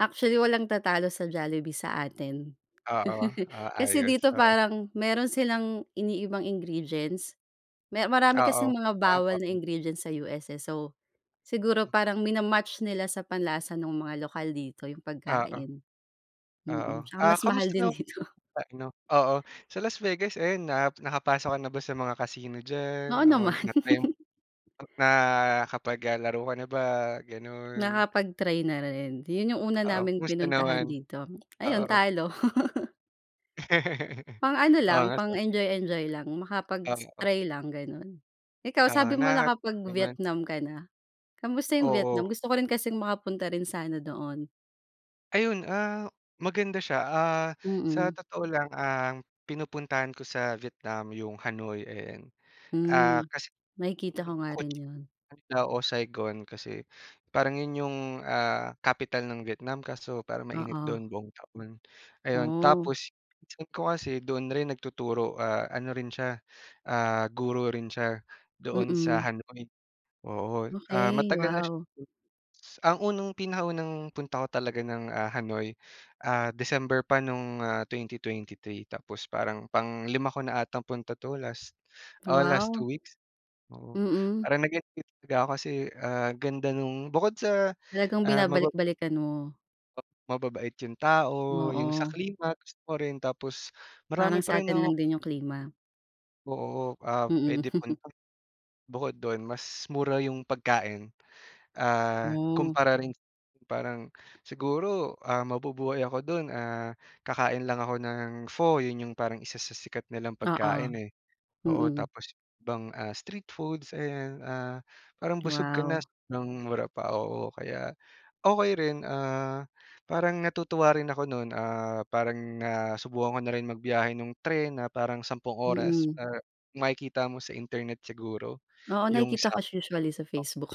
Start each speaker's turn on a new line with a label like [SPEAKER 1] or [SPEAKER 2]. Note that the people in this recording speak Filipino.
[SPEAKER 1] Actually, walang tatalo sa Jollibee sa atin.
[SPEAKER 2] Ah, oh. Ah,
[SPEAKER 1] Kasi
[SPEAKER 2] ayos.
[SPEAKER 1] dito
[SPEAKER 2] Oo.
[SPEAKER 1] parang meron silang iniibang ingredients. Me marami
[SPEAKER 2] Ah,
[SPEAKER 1] kasing
[SPEAKER 2] oh.
[SPEAKER 1] mga
[SPEAKER 2] Ah,
[SPEAKER 1] bawal na
[SPEAKER 2] oh.
[SPEAKER 1] ingredients sa US, eh. So, siguro
[SPEAKER 2] Hmm.
[SPEAKER 1] parang mina-match nila sa panlasa nung mga lokal dito yung
[SPEAKER 2] Ah, oh.
[SPEAKER 1] pagkain,
[SPEAKER 2] Oo.
[SPEAKER 1] mm. Tsaka
[SPEAKER 2] Ah
[SPEAKER 1] mas mahal
[SPEAKER 2] kamusta
[SPEAKER 1] din
[SPEAKER 2] nam
[SPEAKER 1] dito.
[SPEAKER 2] pa‘no. Oo, sa Las Vegas ayun na nakapasok ka na ba sa mga casino diyan?
[SPEAKER 1] Oo,
[SPEAKER 2] Oo,
[SPEAKER 1] naman.
[SPEAKER 2] na-try, eh, nakapag ah, laro ka na ba, ganon?
[SPEAKER 1] Nakapag-train na rin. Yun, yung una
[SPEAKER 2] Oo,
[SPEAKER 1] naming
[SPEAKER 2] kumusta
[SPEAKER 1] pinuntahan
[SPEAKER 2] naman?
[SPEAKER 1] dito. Ayun,
[SPEAKER 2] Oo.
[SPEAKER 1] talo. Pang ano
[SPEAKER 2] Oo,
[SPEAKER 1] lang,
[SPEAKER 2] nga so
[SPEAKER 1] pang-enjoy-enjoy lang. Makapag s
[SPEAKER 2] Oo.
[SPEAKER 1] try lang, ganon. Ikaw
[SPEAKER 2] Oo,
[SPEAKER 1] sabi mo
[SPEAKER 2] naha naman?
[SPEAKER 1] nakapag-Vietnam ka na. Kamusta yung Vietnam?
[SPEAKER 2] Oo.
[SPEAKER 1] Gusto ko rin kasing makapunta rin sana doon.
[SPEAKER 2] Ayun, ah, maganda siya. Ah, sa
[SPEAKER 1] Mm.
[SPEAKER 2] totoo lang ang pinupuntahan ko sa Vietnam yung Hanoi, ayan. Ah,
[SPEAKER 1] Hmm,
[SPEAKER 2] kasi,
[SPEAKER 1] nakikita
[SPEAKER 2] hmm,
[SPEAKER 1] ko nga
[SPEAKER 2] ko
[SPEAKER 1] rin yun.
[SPEAKER 2] nagda o Saigon kasi parang yun yung, ah, capital ng Vietnam. Kaso parang mainit
[SPEAKER 1] Oo.
[SPEAKER 2] doon buong taon, ayon.
[SPEAKER 1] Oh.
[SPEAKER 2] Tapos pinsan ko kasi doon rin nagtuturo, ah, ano rin siya, ah, guro rin siya doon sa
[SPEAKER 1] Mm.
[SPEAKER 2] Hanoi. Oo, ah,
[SPEAKER 1] Okey,
[SPEAKER 2] matagal na siya hmm.
[SPEAKER 1] wow.
[SPEAKER 2] Ang unang pinakaunang punta ko talaga ng, ah, Hanoi, ah December pa nung, ah, 2023. Tapos parang panglima ko na atang punta ‘to last, oh, last
[SPEAKER 1] Wow.
[SPEAKER 2] 2 weeks. Oo,
[SPEAKER 1] Mm.
[SPEAKER 2] parang nag-enjoy talaga ako kasi, ah, ganda nung bukod sa,
[SPEAKER 1] Talagang
[SPEAKER 2] ah, maba
[SPEAKER 1] binabalik-balikan mo.
[SPEAKER 2] pa mababait yung tao. Yung sa
[SPEAKER 1] Oo.
[SPEAKER 2] klima gusto ko rin, tapos marami
[SPEAKER 1] Parang
[SPEAKER 2] pa rin
[SPEAKER 1] sa’tin
[SPEAKER 2] ako
[SPEAKER 1] lang din yung klima.
[SPEAKER 2] Oo, ap
[SPEAKER 1] Mm.
[SPEAKER 2] puwedeng punta bukod dun, mas mura yung pagkain, ah,
[SPEAKER 1] Hmm.
[SPEAKER 2] kumpara rin parang siguro, ah, mabubuhay ako dun, ah, kakain lang ako ng pho. Yun, yung parang isa sa sikat nilang pagkain,
[SPEAKER 1] Oo.
[SPEAKER 2] eh. Oo,
[SPEAKER 1] Mm.
[SPEAKER 2] tapos ibang, ah, street foods, ayan. Ah, parang busog ka na
[SPEAKER 1] Wow.
[SPEAKER 2] s ng mura pa, oo. Kaya, okey rin, ah, parang natutuwa rin ako nun. Ah, parang nasubukan ko na rin magbiyahe nung tren na parang sampung oras
[SPEAKER 1] Mm.
[SPEAKER 2] para makikita mo sa Internet siguro
[SPEAKER 1] Oo,
[SPEAKER 2] yung
[SPEAKER 1] nakikita
[SPEAKER 2] Sap
[SPEAKER 1] ko sh usually sa
[SPEAKER 2] oh.
[SPEAKER 1] Facebook.